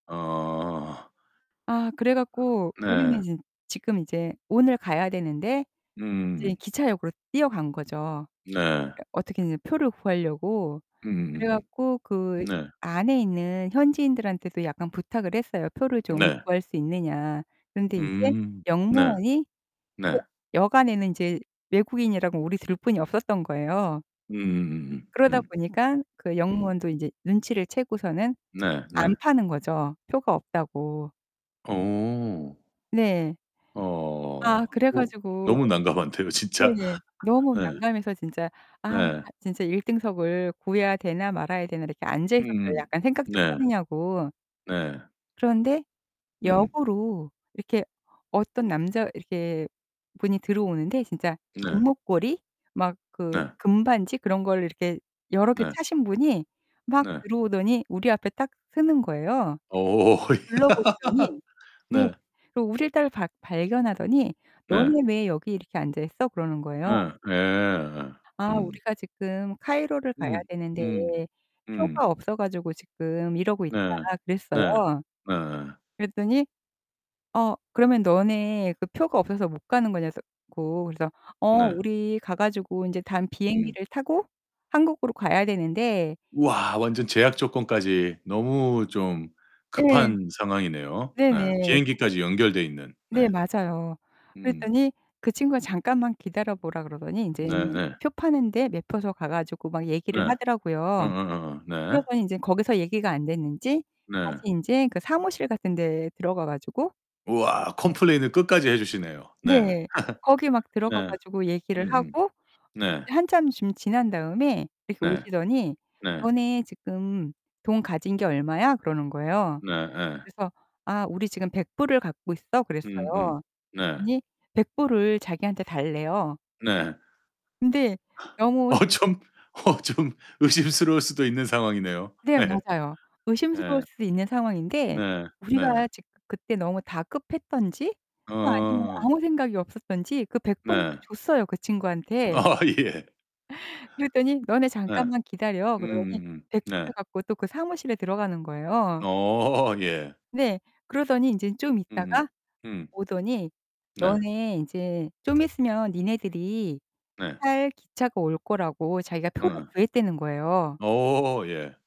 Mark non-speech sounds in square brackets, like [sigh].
어. 아 그래 갖고 우리는 네. 이제 지금 이제 오늘 가야 되는데 이제 음음음. 기차역으로 뛰어간 거죠. 네. 그래 어떻게든 표를 구하려고. 그래 음음음음. 갖고 그 네. 안에 있는 현지인들한테도 약간 부탁을 했어요. "표를 좀 네. 구할 수 있느냐." 그런데 인제 음. 네. 역무원이 표 네. 역 안에는 인제 외국인이라고 우리 둘뿐이 없었던 거예요. 음음음음. 그러다 음. 보니깐 그 음. 역무원도 인제 눈치를 채고서는 네 네. 안 파는 거죠. 표가 없다고. 어. 네. 아, 어. 그래 오 가지고 너무 난감한데요, 진짜. 네네. 너무 예. 난감해서 진짜' 아 네. 진짜 1 등석을 구해야 되나 말아야 되나.' 이렇게 앉아 있었어요. 음. 약간 생각 좀 네. 하느냐고. 네. 그런데 음. 역으로 이렇게 어떤 남자 이렇게 분이 들어오는데 진짜 네. 금목걸이 막 그 네. 금반지 그런 걸 이렇게 여러 개 네. 차신 분이 막 네. 들어오더니 우리 앞에 딱 서는 거예요. 어. 야. 둘러보시더니 [laughs] 네. 네. 그 우릴 딸 박 발견하더니 네. "너네 왜 여기 이렇게 앉아 있어?" 그러는 거예요. 예. 예. 어. "아 음. 우리가 지금 카이로를 가야 음. 되는데 음. 음. 표가 없어 가지고 지금 이러고 있다." 네. 그랬어요. 네. 네 예. 그랬더니 "어 그러면 너네 그 표가 없어서 못 가는 거냐?" 그래서 고. 그래서 "어. 네. 우리 가 가지고 인제 다음 음. 비행기를 타고 한국으로 가야 되는데" 이 우와. 그래 완전 가지 제약 조건까지. 너무 좀 예. 급한 상황이네요. 네. 네네. 비행기까지 연결되어 있는. 네. 네, 맞아요. 음. 그랬더니 그 친구가 잠깐만 기다려 보라 그러더니 인제 네 그 네. 표 파는 데 매표소 가 가지고 막 얘기를 네. 하더라고요. 어어어어. 네. 그러더니 인제 거기서 얘기가 안 됐는지 다시 네. 인제 그 사무실 같은 데 들어가 가지고 우와. 컴플레인을 끝까지 해 주시네요. 네. 네. 거기 [laughs] 막 들어가 네. 가지고 얘기를 음음. 하고 네. 한참 좀 지난 다음에 이렇게 네. 오시더니 네. "너네 지금 돈 가진 게 얼마야?" 그러는 거예요. 네 예. 그래서 "아 우리 지금 100 불을 갖고 있어." 음음. 그랬어요. 네. 그랬더니 100 불을 자기한테 달래요. 네. 근데 [gasps] 너무 어 좀 어 좀 의심스러울 수도 있는 상황이네요. 네, 예예. 맞아요. 의심스러울 예. 수 있는 상황인데 네 네. 우리가 지그 그때 너무 다급했든지 또 아니면 어. 아무 생각이 없었든지 그 100 불을 또 네. 줬어요 그 친구한테. 어 예. 그랬더니 "너네 [laughs] 예. 잠깐만 기다려." 그러더니 음음음. 100 불을 네. 갖고 또 그 사무실에 들어가는 거예요. 어 예. 네. 그러더니 인제 좀 음음 있다가 음. 오더니 네. 너네 이제 좀 있으면 니네들이 네. 탈 기차가 올 거라고 자기가 표를 어. 구했다는 거예요. 어 예.